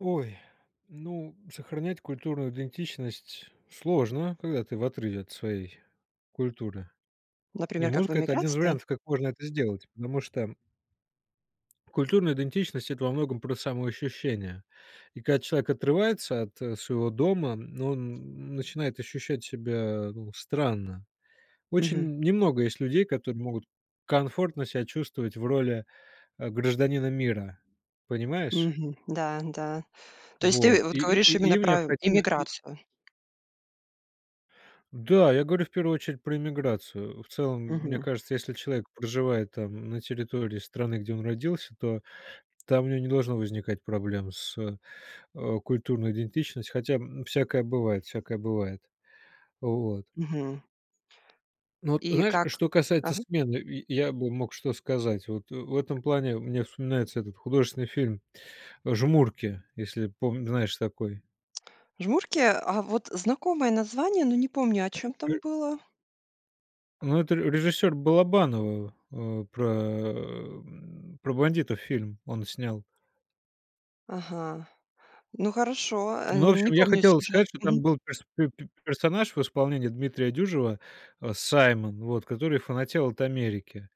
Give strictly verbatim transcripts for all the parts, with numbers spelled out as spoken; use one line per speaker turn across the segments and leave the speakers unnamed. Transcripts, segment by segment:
Ой, ну, сохранять культурную идентичность сложно, когда ты в отрыве от своей культуры. И
Например, как в
музыка это один из
эмиграции?
вариантов, как можно это сделать. Потому что культурная идентичность- это во многом про самоощущение. И когда человек отрывается от, э, своего дома, ну он н начинает ощущать себя, ну, странно. Очень
Мгм.
н немного есть людей, которые могут комфортно себя чувствовать в роли, э, гражданина мира. Понимаешь?
Мгм. Да, н-да. То есть ты,
Вот.
э, вот
И и
говоришь
и
именно
им
про
необходимо и
эмиграцию?
Да, я говорю в первую очередь про эмиграцию. В целом, м мне
Мгм.
кажется, если человек проживает, там, на территории страны, где он родился, то там у него не должно возникать проблем с, э, культурной идентичностью. Хотя, м, всякое бывает, всякое бывает. Вот.
Мгм.
Ну, вот
И
знаешь,
как?
что касается
Ага.
смены, и и я бы мог что сказать? Вот, э, в этом плане мне вспоминается этот художественный фильм, э, "Жмурки", если пом знаешь такой.
"Жмурки"? А вот знакомое название, но не помню, о
Э,
чём
э.
там было?
Ну, это ре режиссёра Балабанова, э, про, м, про бандитов фильм он снял.
Ага. Ну хорошо, э,
Ну, в
не
общем, я
помню
хотел
сюжет.
сказать, что там
Мгм.
был перс пе пе персонаж в исполнении Дмитрия Дюжева, э, Саймон, вот, который фанател от Америки.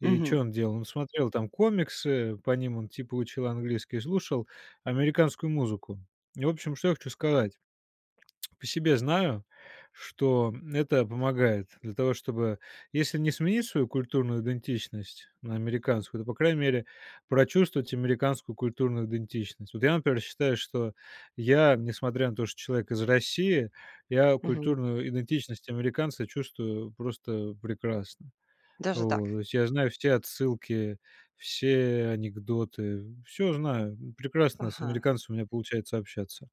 И
Мгм.
чё он делал? Он смотрел там комиксы, по ним он типа учил английский, и слушал американскую музыку. И в общем, что я хочу сказать. По себе знаю, что, м, это помогает для того, чтобы если не сменить свою культурную идентичность на американскую, то, по крайней мере, прочувствовать американскую культурную идентичность. Вот я, например, считаю, что я, несмотря на то, что человек из России, я
Мгм.
культурную идентичность американца чувствую просто прекрасно.
Даже
Вот.
так?
То есть я знаю все отсылки, все анекдоты. Всё знаю. М, прекрасно с
Ага.
американцами у меня получается общаться.